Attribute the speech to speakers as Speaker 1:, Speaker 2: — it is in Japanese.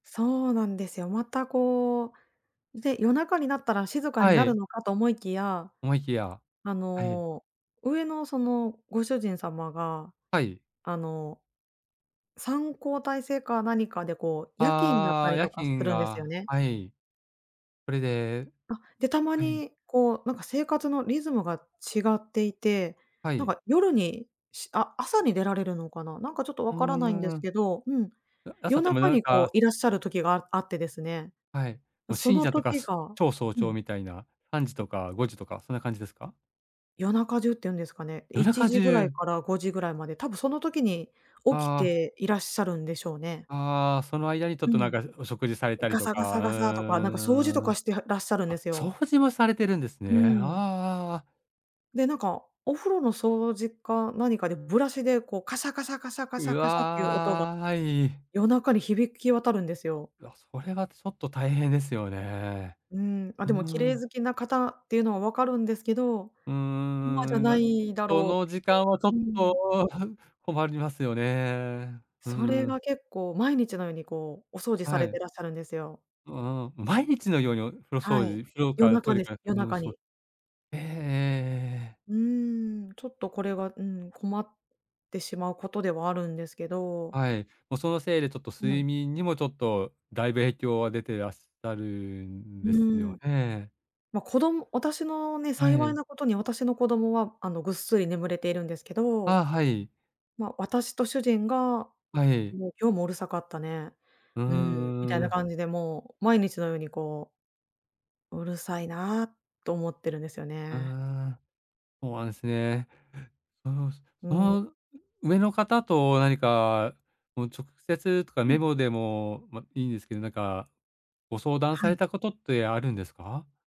Speaker 1: そうなんですよ。またこう、で、夜中になったら静かに
Speaker 2: は
Speaker 1: なる
Speaker 2: い。
Speaker 1: のかと思いきや、
Speaker 2: 思いきや、
Speaker 1: あ
Speaker 2: はい。
Speaker 1: の、上のそのご主人様が
Speaker 2: はい。
Speaker 1: あの、3交代制か何かでこう、夜勤になっ
Speaker 2: あ
Speaker 1: た
Speaker 2: あ、
Speaker 1: り
Speaker 2: 夜
Speaker 1: とかす
Speaker 2: 勤
Speaker 1: るんですよ
Speaker 2: が、
Speaker 1: ね。
Speaker 2: はい。それで、
Speaker 1: あ、で、たま
Speaker 2: はい。
Speaker 1: にこう、なんか生活のリズムが違っていて、
Speaker 2: は
Speaker 1: なん
Speaker 2: い。
Speaker 1: か夜に、しあ、朝に出られるのかな。なんかちょっと
Speaker 2: う
Speaker 1: わからないんで
Speaker 2: ー
Speaker 1: す
Speaker 2: ん。
Speaker 1: けどうん。
Speaker 2: 朝
Speaker 1: 夜
Speaker 2: っても、
Speaker 1: 中
Speaker 2: 夜
Speaker 1: にこ
Speaker 2: 中。
Speaker 1: ういらっしゃる時がああってですね。
Speaker 2: はい。
Speaker 1: そ
Speaker 2: しん
Speaker 1: の
Speaker 2: じゃとか
Speaker 1: 時が
Speaker 2: 超早
Speaker 1: う
Speaker 2: 朝
Speaker 1: ん。
Speaker 2: みたいな3時とか5時とかそんな感じですか？
Speaker 1: 夜中中って言うんですかね。
Speaker 2: 夜
Speaker 1: いち
Speaker 2: 中
Speaker 1: じぐらい
Speaker 2: 中！
Speaker 1: から5時ぐらいまで、多分その時に起き
Speaker 2: ああ。
Speaker 1: ていらっしゃるんでしょうね。
Speaker 2: ああ、その間にちょっ
Speaker 1: う
Speaker 2: となん
Speaker 1: ん。
Speaker 2: かお食事されたり
Speaker 1: ガ
Speaker 2: と
Speaker 1: サガ
Speaker 2: か、
Speaker 1: サ
Speaker 2: う
Speaker 1: ガサとか、なんか掃除と
Speaker 2: ーん。
Speaker 1: かしてはらっしゃるんで
Speaker 2: あ、
Speaker 1: す
Speaker 2: 掃
Speaker 1: よ。
Speaker 2: 除もされているんです
Speaker 1: う
Speaker 2: ね。ああ
Speaker 1: ん。
Speaker 2: ああああ。
Speaker 1: で、なんか、お風呂の掃除か何かでブラシでこう、カシャカシャカシャカシ
Speaker 2: う
Speaker 1: ャカシャっていう音が。
Speaker 2: わい。
Speaker 1: 夜中に響き渡るんですよ。
Speaker 2: うわ、それはちょっと大変ですよね。
Speaker 1: うん。あ、
Speaker 2: うー
Speaker 1: でも綺麗
Speaker 2: ん。
Speaker 1: 好きな方っていうのは分かるんですけど、
Speaker 2: うん
Speaker 1: 今じゃ
Speaker 2: うん
Speaker 1: な
Speaker 2: うん。いな。
Speaker 1: いだ
Speaker 2: そ
Speaker 1: ろうっ
Speaker 2: の
Speaker 1: て
Speaker 2: 時間はちょっ
Speaker 1: いう。うん。
Speaker 2: と、困りますよね。うー
Speaker 1: それ
Speaker 2: ん。
Speaker 1: が結構毎日のようにこう、お掃除さ
Speaker 2: は
Speaker 1: れ
Speaker 2: い。
Speaker 1: てらっしゃるんですよ。
Speaker 2: うーん。毎日のようにお風呂
Speaker 1: は
Speaker 2: 掃
Speaker 1: い。
Speaker 2: 除風呂
Speaker 1: 夜
Speaker 2: からト
Speaker 1: 中
Speaker 2: イレ
Speaker 1: です。
Speaker 2: から
Speaker 1: 夜
Speaker 2: 全部
Speaker 1: 中
Speaker 2: 掃
Speaker 1: に。
Speaker 2: ええええええ。
Speaker 1: うーん。ちょっとこれは、うん。困ってしまうことではあるんですけど。
Speaker 2: はい。もうそのせいでちょっと
Speaker 1: うん。
Speaker 2: 睡眠にもちょっと、だいぶ影響は出てらっしゃるん
Speaker 1: う
Speaker 2: です
Speaker 1: ん。
Speaker 2: よね。
Speaker 1: ま、こども私のね、
Speaker 2: は
Speaker 1: 幸い
Speaker 2: い。
Speaker 1: なことに私の子供は、あのぐっすり眠れているんですけど。
Speaker 2: あ、はい。
Speaker 1: まあ私と主人が、
Speaker 2: はい。
Speaker 1: もう、今日もうるさかったね、
Speaker 2: う
Speaker 1: うん。みたい
Speaker 2: ー
Speaker 1: な
Speaker 2: ん。
Speaker 1: 感じでもう毎日のようにこううるさいなと思ってるんですよ
Speaker 2: うー
Speaker 1: ね。
Speaker 2: ん、ほうなんすね。そうし
Speaker 1: うん。
Speaker 2: そう上の方と何か直接とか
Speaker 1: う
Speaker 2: メ
Speaker 1: ん。
Speaker 2: モでも、まあ、いいんですけど、なんかご相談
Speaker 1: は
Speaker 2: され
Speaker 1: い。
Speaker 2: たことってあるんですか？